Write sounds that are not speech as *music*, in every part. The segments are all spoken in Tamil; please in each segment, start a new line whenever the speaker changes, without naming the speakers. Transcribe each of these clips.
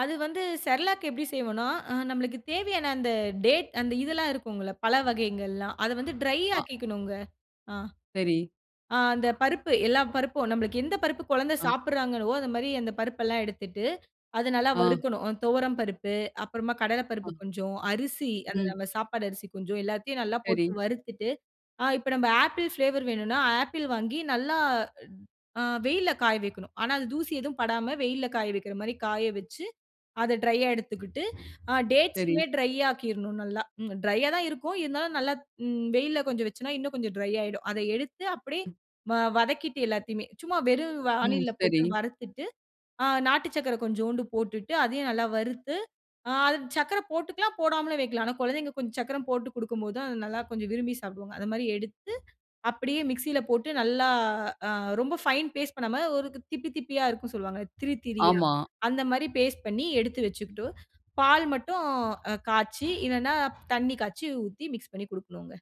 அது வந்து செர்லாக் எப்டி செய்வனா நம்மளுக்கு தேவையான அந்த டேட் அந்த இதெல்லாம் இருக்குங்கல்ல. பல வகைகள்லாம் அத வந்து ட்ரை
அ.
ஆக்கிக்கணும்ங்க. ஆ.
சரி.
ஆ அந்த பருப்பு எல்லா பருப்பும் நம்ளுக்கு எந்த பருப்பு குழந்தை
அ.
சாப்பிடுறாங்களோ, அந்த மாரி அந்த பருப்பு எல்லாம் எடுத்துட்டு அத நல்லா
அ.
வறுக்கணும். துவரம் பருப்பு, அப்புறமா கடலை பருப்பு
அ.
கொஞ்சம், அரிசி அந்த
ம்.
நம்ம சாப்பாடு அரிசி கொஞ்சம் எல்லாத்தையும் நல்லா போட்டு
சரி.
வறுத்துட்டு. ஆ இப்ப நம்ப ஆப்பிள் பிளேவர் வேணுனா ஆப்பிள் வாங்கி நல்லா ட் அ வெயில்ல காய வைக்கணும். ஆனா, அது தூசி எதுவும் படாம வெயில்ல காய வைக்கிற மாதிரி காய வச்சு, அத ட்ரையா எடுத்துக்கிட்டு அ
சரி.
டேட்ஸுமே ட்ரை ஆக்கிருணும் நல்லா. ட்ரையா தான் இருக்கும். இருந்தாலும் நல்லா வெயில்ல கொஞ்சம் வச்சோனா இன்னும் கொஞ்சம் ட்ரை ஆயிடும். அத எடுத்து அப்டியே
ம்.
வ வதக்கிட்டு எல்லாத்தையுமே. சும்மா வெறும்
ம்,
வாணில்ல
சரி.
போட்டு வறுத்துட்டு. ஆ நாட்டு சர்க்கரை கொஞ்சோண்டு போட்டுட்டு அதையும் நல்லா வறுத்து அது சர்க்கரை போட்டுக்கலாம் போடாமலும் வைக்கலாம். ஆனா, குழந்தைங்க கொஞ்சம் சக்கரம் போட்டு குடுக்கும் போதான் அத நல்லா கொஞ்சம் விரும்பி சாப்பிடுவாங்க. அது மாரி எடுத்து அப்டியே மிக்ஸியில போட்டு நல்லா அ ரொம்ப ஃபைன் பேஸ்ட் பண்ணாம ஒரு திப்பி திப்பியா இருக்கும் சொல்லுவாங்க திரி திரியா
ஆமா.
அந்த மாரி பேஸ்ட் பண்ணி எடுத்து வச்சுக்குட்டு. பால் மட்டும் அ காய்ச்சி இல்லன்னா தண்ணி காய்ச்சி ஊத்தி மிக்ஸ் பண்ணி குடுக்கணுங்க.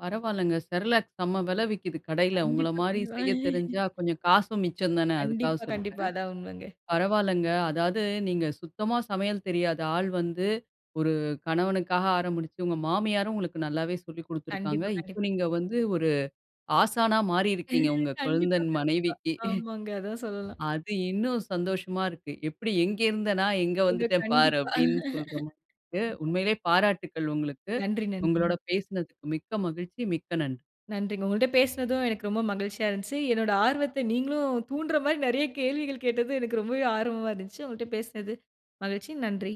பரவால்லங்க, செர்லாக் செம்ம வில விக்குது கடையில. உங்கள
கண்டிப்பா,
மாதிரி
கண்டிப்பா.
செய்ய தெரிஞ்சா
*laughs*
கொஞ்சம் காசும் மிச்சம் தானே அதுக்காக
கண்டிப்பா, கண்டிப்பா.
சொல்றேன்.
அதான் உண்மங்க.
பரவாலங்க, அதாவது நீங்க சுத்தமா சமையல் தெரியாத ஆள் வந்து ஒரு கணவனுக்காக ஆரம்பிச்சு உங்க மாமியாரும் உங்களுக்கு நல்லாவே சொல்லிக் குடுத்திருக்காங்க.
கண்டிப்பா,
இப்ப
கண்டிப்
நீங்க வந்து ஒரு ஆசானா மாறிருக்கிங்க
*laughs*
உங்க
கண்டிப்பா,
கொழுந்தன்
கண்டிப்பா.
மனைவிக்கு. *chuckles*
ஆமாங்க அதான் சொல்லலாம்.
அது இன்னும் சந்தோஷமா இருக்கு. எப்டி எங்கே இருந்த நா, எங்க
*unintelligible*
வந்துட்டேன் பாரு
கண்டிப்பா.
அப்டின் சொல்ற மாரி
*laughs*
இருக்கு.
கண்டிப்பா.
உண்மையிலேயே பாராட்டுக்கள் உங்களுக்கு,
நன்றி, நன்றிங்க.
உங்களோட பேசனதுக்கு மிக்க மகிழ்ச்சி, மிக்க நன்றி!
நன்றிங்க! உங்கள்ட்ட பேசனதும் எனக்கு ரொம்ப மகிழ்ச்சியா இருந்துச்சு. என்னோட ஆர்வத்த நீங்களும் தூண்டுற மாரி நெறைய கேள்விகள் கேட்டது எனக்கு ரொம்ப ஆர்வமா இருந்துச்சு. உங்கள்ட்ட பேசனது மகிழ்ச்சி. நன்றி!